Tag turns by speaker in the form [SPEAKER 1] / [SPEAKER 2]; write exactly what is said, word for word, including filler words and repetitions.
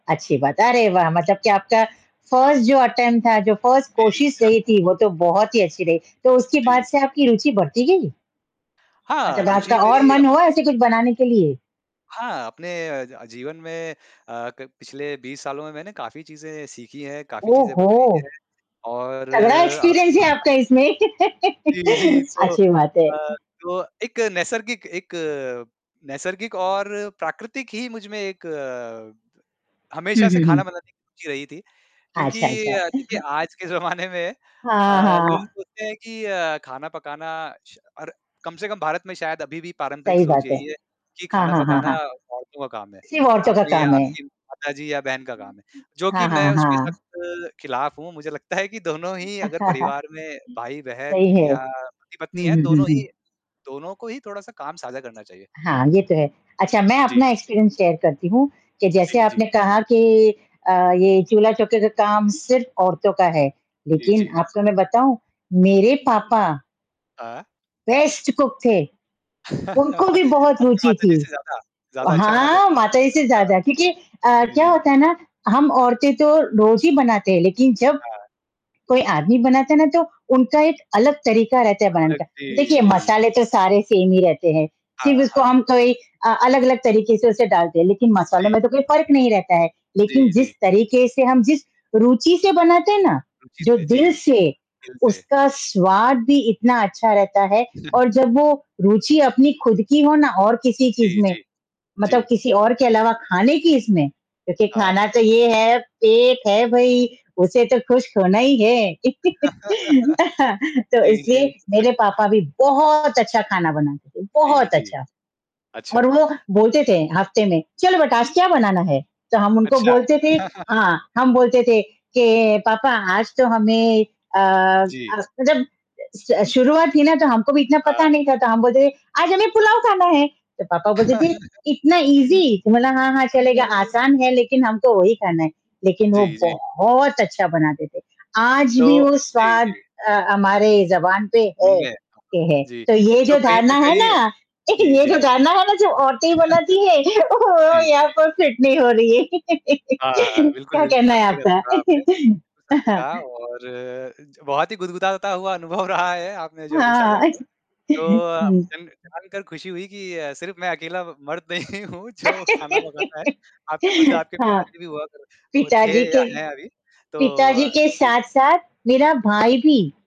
[SPEAKER 1] अच्छी बात है, अरे वाह! मतलब कि आपका फर्स्ट जो अटेम्प्ट था, जो फर्स्ट
[SPEAKER 2] जी।
[SPEAKER 1] कोशिश रही थी, वो तो बहुत ही अच्छी रही। तो उसके
[SPEAKER 2] जी,
[SPEAKER 1] बाद से
[SPEAKER 2] जी।
[SPEAKER 1] आपकी रुचि बढ़ती गई?
[SPEAKER 2] हाँ,
[SPEAKER 1] मतलब आपका
[SPEAKER 2] रुचि
[SPEAKER 1] और
[SPEAKER 2] मेरी अ
[SPEAKER 1] मन हुआ ऐसे कुछ बनाने के लिए?
[SPEAKER 2] हाँ, अपने अ, ज जीवन में अ, क पिछले बीस सालों में मैंने काफ़ी चीज़ें सीखी हैं, काफ़ी
[SPEAKER 1] ओह,
[SPEAKER 2] चीज़ें
[SPEAKER 1] हो!
[SPEAKER 2] बनाई हैं। और
[SPEAKER 1] तगड़ा एक्सपीरियंस
[SPEAKER 2] आपको
[SPEAKER 1] है आपका इसमें,
[SPEAKER 2] जी, जी। तो
[SPEAKER 1] अच्छी बात है।
[SPEAKER 2] अ, जो एक नैसर्गिक एक नैसर्गिक और प्राकृतिक ही मुझमें एक अ, द
[SPEAKER 1] हुँ,
[SPEAKER 2] हमेशा से
[SPEAKER 1] हुँ,
[SPEAKER 2] खाना
[SPEAKER 1] हुँ।
[SPEAKER 2] बनाने की रुचि रही थी, क्योंकि
[SPEAKER 1] अच्छा, अच्छा।
[SPEAKER 2] अ, देखिए आज के ज़माने में अ,
[SPEAKER 1] हाँ,
[SPEAKER 2] लोग
[SPEAKER 1] हाँ।
[SPEAKER 2] सोचते हैं कि अ, खाना पकाना श और कम से कम भारत में शायद अभी भी पारंपरिक
[SPEAKER 1] सही
[SPEAKER 2] सोच
[SPEAKER 1] बात है।
[SPEAKER 2] यही है कि
[SPEAKER 1] हाँ,
[SPEAKER 2] खाना
[SPEAKER 1] हाँ, हाँ,
[SPEAKER 2] पकाना
[SPEAKER 1] हाँ।
[SPEAKER 2] औरतों का काम है,
[SPEAKER 1] सिर्फ़ औरतों का
[SPEAKER 2] आपने या
[SPEAKER 1] काम है।
[SPEAKER 2] आपकी माता जी या बहन का काम है। जो
[SPEAKER 1] हाँ,
[SPEAKER 2] कि मैं
[SPEAKER 1] हाँ,
[SPEAKER 2] उसके
[SPEAKER 1] हाँ।
[SPEAKER 2] सख़्त खिलाफ़ हूँ, मुझे लगता है कि दोनों ही अगर परिवार में भाई-बहन
[SPEAKER 1] सही है।
[SPEAKER 2] या पति-पत्नी
[SPEAKER 1] हुँ,
[SPEAKER 2] है
[SPEAKER 1] हुँ, हुँ,
[SPEAKER 2] दोनों
[SPEAKER 1] हुँ।
[SPEAKER 2] ही दोनों को ही थोड़ा-सा काम साझा करना चाहिए।
[SPEAKER 1] हाँ, ये तो है। अच्छा, मैं
[SPEAKER 2] जी।
[SPEAKER 1] अपना एक्सपीरियंस शेयर करती हूँ कि जैसे
[SPEAKER 2] जी, जी।
[SPEAKER 1] आपने कहा कि अ, ये चूल्हा-चौके का काम सिर्फ़ औरतों का है,
[SPEAKER 2] जी,
[SPEAKER 1] लेकिन
[SPEAKER 2] जी।
[SPEAKER 1] आपको मैं बताऊँ, मेरे पापा
[SPEAKER 2] अ
[SPEAKER 1] बेस्ट कुक थे, उनको भी बहुत
[SPEAKER 2] आपकी
[SPEAKER 1] रुचि थी।
[SPEAKER 2] माताजी से ज़्यादा, ज़्यादा अच्छा बनाते
[SPEAKER 1] हाँ,
[SPEAKER 2] थे।
[SPEAKER 1] माताजी से
[SPEAKER 2] अच्छा।
[SPEAKER 1] ज़्यादा, क्योंकि अ,
[SPEAKER 2] जी,
[SPEAKER 1] क्या
[SPEAKER 2] जी।
[SPEAKER 1] होता है ना, हम औरतें तो रोज़ ही बनाते हैं, लेकिन जब
[SPEAKER 2] हाँ।
[SPEAKER 1] कोई आदमी बनाता है ना तो उनका एक अलग तरीका रहता है बनाने
[SPEAKER 2] [unintelligible]
[SPEAKER 1] का
[SPEAKER 2] जी,
[SPEAKER 1] देखिए,
[SPEAKER 2] जी।
[SPEAKER 1] मसाले तो सारे सेम ही रहते हैं,
[SPEAKER 2] हाँ,
[SPEAKER 1] सिर्फ उसको
[SPEAKER 2] हाँ।
[SPEAKER 1] हम कोई अ, अलग-अलग तरीके से उसे डालते हैं, लेकिन मसाले
[SPEAKER 2] जी।
[SPEAKER 1] में तो कोई फ़र्क नहीं रहता है। लेकिन
[SPEAKER 2] जी,
[SPEAKER 1] जिस
[SPEAKER 2] जी।
[SPEAKER 1] तरीके से हम जिस रुचि से बनाते हैं ना,
[SPEAKER 2] रुचि
[SPEAKER 1] जो
[SPEAKER 2] से, जी,
[SPEAKER 1] दिल
[SPEAKER 2] जी।
[SPEAKER 1] से,
[SPEAKER 2] दिल से।
[SPEAKER 1] उसका स्वाद भी इतना अच्छा रहता है और जब वो रुचि अपनी खुद की हो ना और किसी चीज़
[SPEAKER 2] जी,
[SPEAKER 1] में,
[SPEAKER 2] जी।
[SPEAKER 1] मतलब
[SPEAKER 2] जी।
[SPEAKER 1] किसी और के अलावा खाने की इसमें देखिए
[SPEAKER 2] हाँ।
[SPEAKER 1] खाना तो ये, है पेट है भई उसे तो खुश होना ही है, तो
[SPEAKER 2] जी, जी।
[SPEAKER 1] इसलिए
[SPEAKER 2] सच।
[SPEAKER 1] मेरे पापा भी बहुत अच्छा खाना बनाते थे,
[SPEAKER 2] जी,
[SPEAKER 1] बहुत
[SPEAKER 2] जी।
[SPEAKER 1] अच्छा। और
[SPEAKER 2] अच्छा।
[SPEAKER 1] वो बोलते थे हफ़्ते में "चलो बेटा, आज क्या बनाना है?" तो हम उनको
[SPEAKER 2] अच्छा।
[SPEAKER 1] बोलते थे हाँ, हम बोलते थे के, "पापा आज तो हमें अ,
[SPEAKER 2] जी।
[SPEAKER 1] आज तो" जब स शुरुआत थी ना, तो हमको भी इतना पता
[SPEAKER 2] हाँ।
[SPEAKER 1] नहीं था, तो हम बोलते थे, "आज हमें पुलाव खाना है।" तो पापा बोलते थे, "इतना ईज़ी।" तो बोला, "हाँ, हाँ
[SPEAKER 2] अच्छा।
[SPEAKER 1] चलेगा।" आसान है लेकिन हमको वही खाना है, लेकिन वो
[SPEAKER 2] जी, जी।
[SPEAKER 1] बहुत अच्छा बनाते थे। आज भी
[SPEAKER 2] तो
[SPEAKER 1] वो
[SPEAKER 2] जी,
[SPEAKER 1] स्वाद
[SPEAKER 2] जी।
[SPEAKER 1] अ, हमारे ज़बान पे
[SPEAKER 2] उन
[SPEAKER 1] है
[SPEAKER 2] ने
[SPEAKER 1] के हैं,
[SPEAKER 2] जी।
[SPEAKER 1] तो ये
[SPEAKER 2] तो
[SPEAKER 1] जो
[SPEAKER 2] कहीं
[SPEAKER 1] धारणा
[SPEAKER 2] न
[SPEAKER 1] है
[SPEAKER 2] कहीं
[SPEAKER 1] ना
[SPEAKER 2] जी,
[SPEAKER 1] ये जो
[SPEAKER 2] जी।
[SPEAKER 1] धारणा है ना जो औरतें बनाती है, वो
[SPEAKER 2] जी।
[SPEAKER 1] यहाँ पर फिट नहीं हो रही है।
[SPEAKER 2] हाँ, हाँ, बिल्कुल,
[SPEAKER 1] क्या
[SPEAKER 2] बिल्कुल
[SPEAKER 1] कहना है
[SPEAKER 2] सत्य
[SPEAKER 1] आपका?
[SPEAKER 2] कहा आपने, बिल्कुल
[SPEAKER 1] अ,
[SPEAKER 2] सत्य
[SPEAKER 1] हाँ।
[SPEAKER 2] कहा। और अ, ज गुदगुदाता हुआ बहुत ही अनुभव रहा है आपने जो अभी साझा
[SPEAKER 1] हाँ।
[SPEAKER 2] किया। तो अ,
[SPEAKER 1] हुँ।
[SPEAKER 2] आपसे ना जानकर खुशी हुई कि अ, सिर्फ़ मैं अकेला ब मर्द नहीं हूँ जो खाना पकाता है। आपकी खुद आपके
[SPEAKER 1] हाँ।
[SPEAKER 2] पिताजी भी हुआ कर अ, थे
[SPEAKER 1] पिताजी
[SPEAKER 2] या
[SPEAKER 1] के
[SPEAKER 2] हैं अभी। तो
[SPEAKER 1] पिताजी
[SPEAKER 2] अ,
[SPEAKER 1] के
[SPEAKER 2] जी।
[SPEAKER 1] साथ-साथ मेरा भाई भी।